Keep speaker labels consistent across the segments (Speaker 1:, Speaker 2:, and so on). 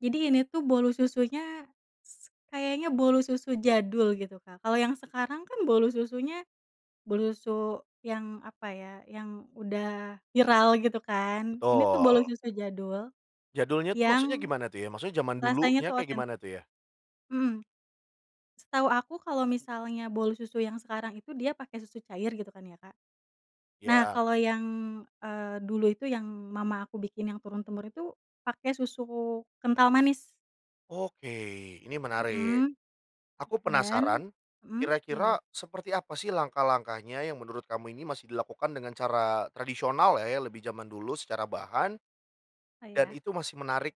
Speaker 1: Jadi ini tuh bolu susunya s kayaknya bolu susu jadul gitu Kak, kalau yang sekarang kan bolu susunya, bolu su yang apa ya yang udah viral gitu kan ini tuh bolu
Speaker 2: Betul.
Speaker 1: susu jadul,
Speaker 2: Jadulnya tuh maksudnya
Speaker 1: yang,
Speaker 2: gimana tuh ya? Maksudnya zaman
Speaker 1: rasanya
Speaker 2: dulunya
Speaker 1: tuh
Speaker 2: kayak gimana
Speaker 1: otentik.
Speaker 2: tuh ya?
Speaker 1: Mhm. Setahu aku kalau misalnya bolu susu yang sekarang itu dia pakai susu cair gitu kan ya Kak. Nah
Speaker 2: Ya.
Speaker 1: kalau yang, eee, dulu itu yang mama aku bikin yang turun-temurun itu pakai susu kental manis
Speaker 2: Oke ini menarik,
Speaker 1: Mhm,
Speaker 2: aku
Speaker 1: dan
Speaker 2: penasaran,
Speaker 1: mhm, gimana?
Speaker 2: kira-kira seperti apa sih langkah-langkahnya yang menurut kamu ini masih dilakukan dengan cara tradisional ya, ya lebih zaman dulu secara bahan,
Speaker 1: Oh
Speaker 2: dan
Speaker 1: ya?
Speaker 2: itu masih menarik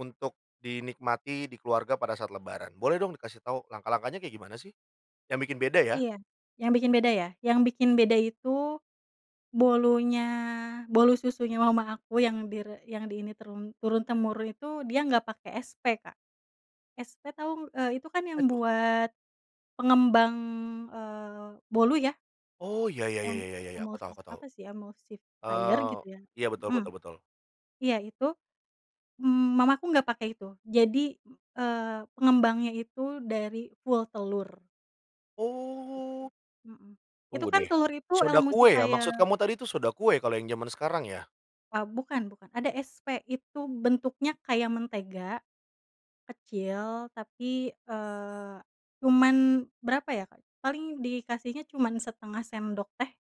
Speaker 2: untuk dinikmati di keluarga pada saat lebaran. Boleh dong dikasih tahu langkah-langkahnya kayak gimana sih? Yang bikin beda ya.
Speaker 1: Iya, yang bikin beda ya, yang bikin beda itu, bolunya bolu susunya mama aku yang di re yang di ini, turun turun-temurun itu dia nggak pakai SP Kak, SP tau? Eee, itu kan
Speaker 2: Apa
Speaker 1: yang
Speaker 2: itu?
Speaker 1: buat, pengembang, eee, bolu ya.
Speaker 2: Oh ya ya ya
Speaker 1: Em
Speaker 2: ya ya ya, aku
Speaker 1: emuls
Speaker 2: tahu aku tahu,
Speaker 1: apa sih emulsifier
Speaker 2: eee,
Speaker 1: gitu ya,
Speaker 2: iya, betul
Speaker 1: mhm,
Speaker 2: betul betul.
Speaker 1: iya itu, m mamaku nggak pakai itu, jadi, eee, pengembangnya itu dari full telur. Gitu,
Speaker 2: Oh.
Speaker 1: mhm,
Speaker 2: Tunggu
Speaker 1: itu kan
Speaker 2: deh,
Speaker 1: telur itu
Speaker 2: soda kue ya
Speaker 1: emulsifier.
Speaker 2: maksud kamu tadi itu soda kue kalau yang zaman sekarang ya?
Speaker 1: Eee, bukan bukan, ada SP itu bentuknya kayak mentega, kecil tapi, eee, cuman berapa ya Kak, paling dikasihnya cuman setengah sendok teh.